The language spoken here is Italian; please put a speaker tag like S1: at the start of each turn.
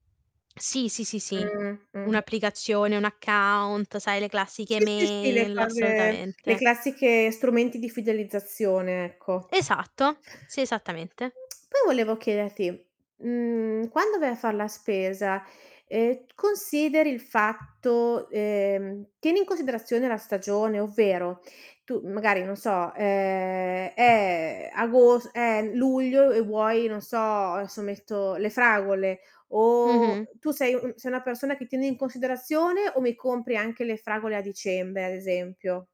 S1: Sì. Sì, sì, sì.
S2: Mh. Mh-mh.
S1: Un'applicazione, un account, sai, le classiche
S2: Sì, sì, sì, le
S1: email,
S2: cose le
S1: assolutamente.
S2: classiche strumenti di fidelizzazione, ecco.
S1: Esatto, sì, esattamente.
S2: Poi volevo chiederti, mhmm, quando vai a far la spesa, ehm, t consideri il fatto ehm, tieni in considerazione la stagione? Ovvero: tu magari non so, uhm, è agos è luglio, e vuoi, non so: "Adesso metto, le fragole", o
S1: Mh-mh.
S2: tu sei un sei una persona che tiene in considerazione o mi compri anche le fragole a dicembre, ad esempio?